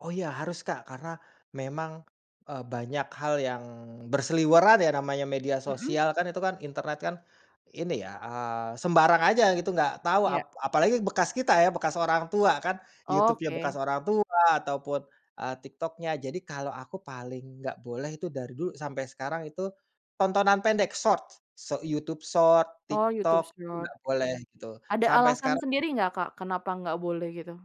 Oh, iya, harus, Kak. Karena memang, eee, banyak hal yang berseliweran ya, namanya media Mhm. sosial kan, itu kan internet kan, ini ya, eee, sembarang aja gitu nggak tau Iya. ap apalagi bekas kita ya, bekas orang tua kan. YouTube-nya bekas Oke. orang tua, ataupun, eee, TikTok-nya. Jadi, kalau aku paling nggak boleh itu dari dulu sampai sekarang itu tontonan pendek, Short. Sho YouTube Short, Oh, TikTok, YouTube itu Short. nggak boleh, gitu. Ada Sampai alasan sekarang sendiri nggak Kak kenapa nggak boleh gitu?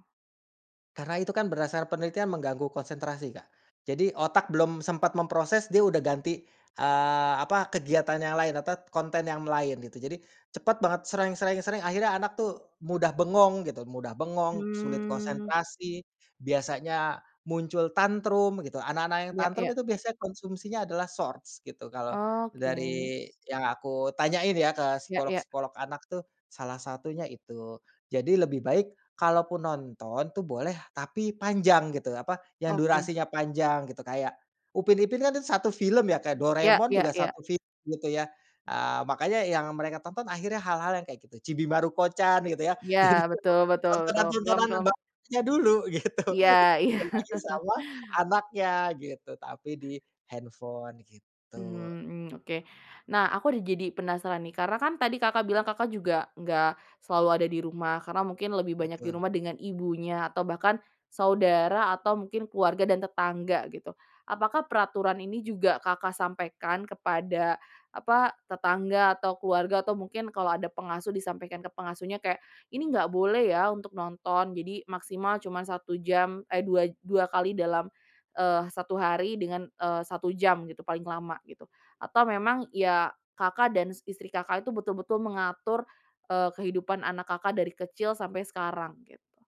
Karena itu kan berdasarkan penelitian mengganggu konsentrasi, Kak. Jadi, otak belum sempat memproses, dia udah ganti, eee, apa, kegiatan yang lain, atau konten yang lain, gitu. Jadi, cepet banget, sreng sreng sreng, akhirnya anak tuh mudah bengong, gitu. Mudah bengong, sulit Mmm. konsentrasi, biasanya muncul tantrum, gitu. Anak-anak yang Iya tantrum iya. itu biasanya konsumsinya adalah Shorts, gitu. Kalau Oke. dari yang aku tanyain ya ke Ya ya. psikolog-psikolog anak tuh, salah satunya itu. Jadi, lebih baik kalaupun nonton tuh boleh, tapi panjang, gitu, apa, yang Oke. durasinya panjang, gitu. Kayak Upin Ipin kan 1 film ya, kayak Iya Doraemon iya juga iya. 1 film gitu ya. Ah, makanya yang mereka tonton akhirnya hal-hal yang kayak gitu. Chibi Maruko-chan, gitu ya. Iya, Yang ditonton betul betul betul, film tontonan-tontonan yang film bagusnya dulu, gitu. Iya iya. Dikasih sama anaknya, gitu, tapi di handphone, gitu. Mhm, mmm, oke. Nah, aku udah jadi penasaran nih, karena kan tadi Kakak bilang Kakak juga enggak selalu ada di rumah. Karena mungkin lebih banyak di Betul. rumah dengan ibunya, atau bahkan saudara, atau mungkin keluarga, dan tetangga, gitu. Apakah peraturan ini juga Kakak sampaikan kepada, apa, tetangga, atau keluarga, atau mungkin kalau ada pengasuh disampaikan ke pengasuhnya, kayak, "Ini nggak boleh ya untuk nonton jadi maksimal cuma 1 jam, eh, dua dua kali dalam, eee, 1 hari, dengan, eee, 1 jam gitu paling lama." Gitu. Atau memang, ya, Kakak dan istri Kakak itu betul-betul mengatur, eee, kehidupan anak Kakak dari kecil sampai sekarang, gitu?